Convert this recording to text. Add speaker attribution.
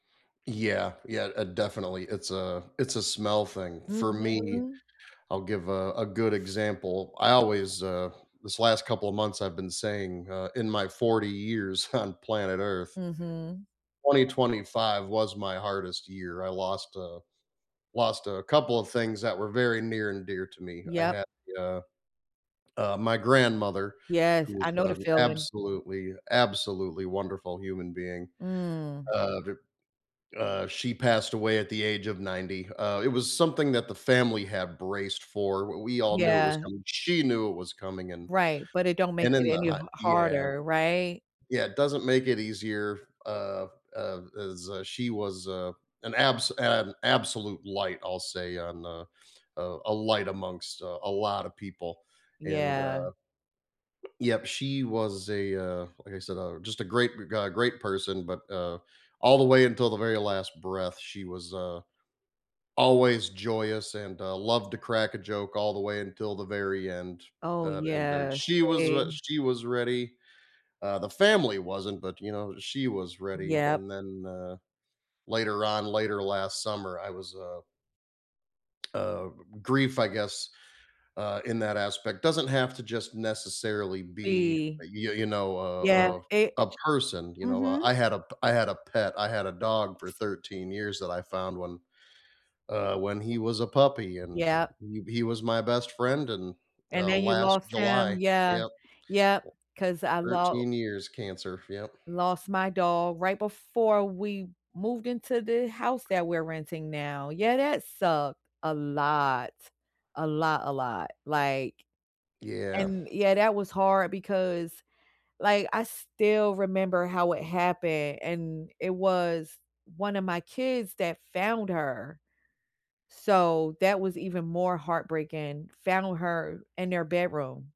Speaker 1: Yeah, yeah, uh, definitely. It's a it's a smell thing. For me,
Speaker 2: Mhm.
Speaker 1: I'll give a a good example, I always, uh This last couple of months, I've been saying, uh, in my 40 years on planet Earth
Speaker 2: Mhm.
Speaker 1: 2025 was my hardest year. I lost a lost a couple of things that were very near and dear to me, I
Speaker 2: Yep.
Speaker 1: had, uh Uh, my grandmother,
Speaker 2: Yes.
Speaker 1: who was
Speaker 2: I know the
Speaker 1: an
Speaker 2: feeling.
Speaker 1: absolutely, absolutely wonderful human being,
Speaker 2: Mm.
Speaker 1: uh, v uh, she passed away at the age of 90. Uh, it was something that the family had braced for, we we all knew it was
Speaker 2: Yeah.
Speaker 1: coming, she knew it was coming, and
Speaker 2: Right, but it don't make
Speaker 1: and in
Speaker 2: it
Speaker 1: the
Speaker 2: any ha
Speaker 1: hot Yeah.
Speaker 2: harder. Right?
Speaker 1: Yeah, doesn't make it easier f uh, p uh, as, uh, she was, uh, an abs an absolute light, I'll say, on a uh, a light amongst, uh, a lot of people, and,
Speaker 2: Yeah.
Speaker 1: uh Yep, she was a, uh, like, I said, uh, just a great ga ga great person, but, uh, all the way until the very last breath, she was, uh, always, joyous, and, uh, loved to crack a joke all the way until the very end.
Speaker 2: Oh,
Speaker 1: That and, uh,
Speaker 2: yeah.
Speaker 1: she was wha
Speaker 2: Same.
Speaker 1: she was ready, uh, the family wasn't, but, you know, she was ready, and
Speaker 2: Yep.
Speaker 1: then, uh, later on, later last summer, I was, uh Uh, g g grief, I guess, uh, in that aspect, doesn't have to just necessarily be,
Speaker 2: Be
Speaker 1: uh, y y you know, a
Speaker 2: Yeah.
Speaker 1: a
Speaker 2: It
Speaker 1: a person, you know? I
Speaker 2: Mhm.
Speaker 1: I had a p I had a pet, I had a dog for 13 years that I found, when, uh, when he was a puppy, and
Speaker 2: Yep.
Speaker 1: he he was my best friend, and,
Speaker 2: And
Speaker 1: uh,
Speaker 2: then you
Speaker 1: last
Speaker 2: lost him.
Speaker 1: July
Speaker 2: Yeah.
Speaker 1: Yep.
Speaker 2: Yep. 'Cause I los
Speaker 1: 13 years cancer. Yep.
Speaker 2: lost my dog right before we moved into the house that we're renting now. Yeah, that sucked, a lot. A lot, a lot, like
Speaker 1: Yeah.
Speaker 2: And yeah, that was hard because, like, I still remember how it happened, and it was one of my kids that found her, so that was even more heartbreaking, found her in their bedroom.